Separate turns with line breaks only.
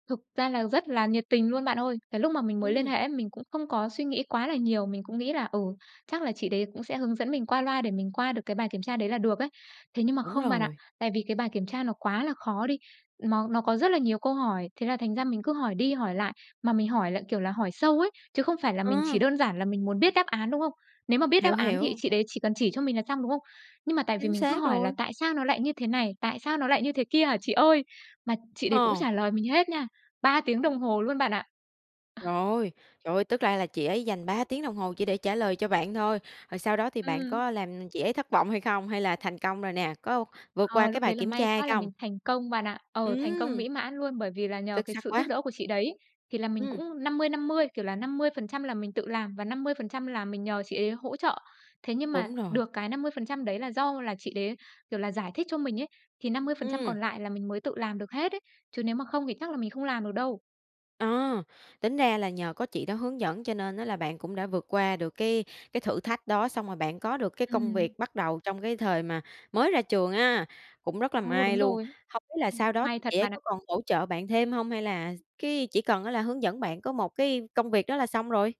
Thực ra là rất là nhiệt tình luôn bạn ơi. Cái lúc mà mình mới liên
Ừm.
hệ ấy, mình cũng không có suy nghĩ quá là nhiều, mình cũng nghĩ là, ừ, chắc là chị đấy cũng sẽ hướng dẫn mình qua loa để mình qua được cái bài kiểm tra đấy là được ấy. Thế nhưng mà
Đúng
không bạn ạ,
rồi.
tại vì cái bài kiểm tra nó quá là khó đi, nó nó có rất là nhiều câu hỏi, thế là thành ra mình cứ hỏi đi hỏi lại. Mà mình hỏi lại, kiểu là, hỏi sâu ấy, chứ không phải là mình chỉ
Ờ.
đơn giản là mình muốn biết đáp án, đúng không? Nếu mà biết đáp
Hiểu,
án thì
hiểu.
chị đấy chỉ cần chỉ cho mình là xong, đúng không? Nhưng mà tại vì
Chính
mình cứ
xác
hỏi là
rồi.
"Tại sao nó lại như thế này? Tại sao nó lại như thế kia hả chị ơi?" mà chị đấy cũng
Ờ.
trả lời mình hết nha. 3 tiếng đồng hồ luôn bạn ạ.
Rồi, trời ơi, tức ra là chị ấy dành 3 tiếng đồng hồ chỉ để trả lời cho bạn thôi, rồi sau đó thì bạn
Ừm.
có làm chị ấy thất vọng hay không, hay là thành công rồi nè? Có vượt qua
Ờ,
cái
lúc
bài
đấy là
kiểm
may
tra hay
quá là
không?
mình thành công bạn ạ. Ờ, thành công
Ừm!
mỹ mãn luôn, bởi vì là nhờ
Xuất
cái
sắc
sự giúp
quá.
đỡ của chị đấy. Thì là mình
Ừm.
cũng 50-50, kiểu là, 50% là mình tự làm và 50% là mình nhờ chị ấy hỗ trợ. Thế nhưng mà
Đúng rồi.
được cái 50% đấy là do là chị đấy, kiểu là, giải thích cho mình ấy, thì 50%
Ừm.
còn lại là mình mới tự làm được hết ấy, chứ nếu mà không thì chắc là mình không làm được đâu.
À, tính ra là nhờ có chị đó hướng dẫn cho nên á là bạn cũng đã vượt qua được cái cái thử thách đó, xong rồi bạn có được cái công
Ừm.
việc bắt đầu trong cái thời mà mới ra trường á, cũng rất là
Ờ,
may
đúng
luôn.
rồi.
Hông biết là
Ừm,
sau đó
may
thì
thật
chị ấy
bạn
có
ạ.
còn hỗ trợ bạn thêm hông? Hay là s cái chỉ cần á là hướng dẫn bạn có một cái công việc đó là xong rồi?